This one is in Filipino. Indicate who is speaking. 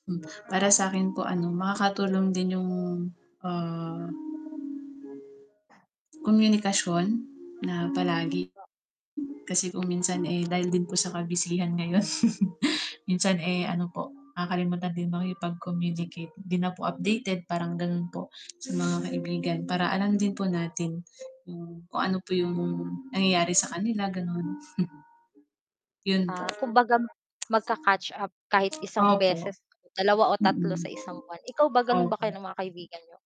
Speaker 1: Para sakin po ano, makakatulong din yung, ah, komunikasyon na palagi, kasi kung minsan eh, dahil din po sa ka-busyhan ngayon, minsan eh, ano po, nakakalimutan din makipag-communicate, 'di na po updated parang ganon po, sa mga kaibigan para alam din po natin, hmm, kung ano po yung nangyayari sa kanila ganon. Yun po.
Speaker 2: Ah, kumbaga magka-catch up kahit 1
Speaker 1: Opo.
Speaker 2: beses. 2 o 3
Speaker 1: Mm.
Speaker 2: sa isang buwan, ikaw ba ganun ba
Speaker 1: Opo.
Speaker 2: kayo ng mga kaibigan niyo?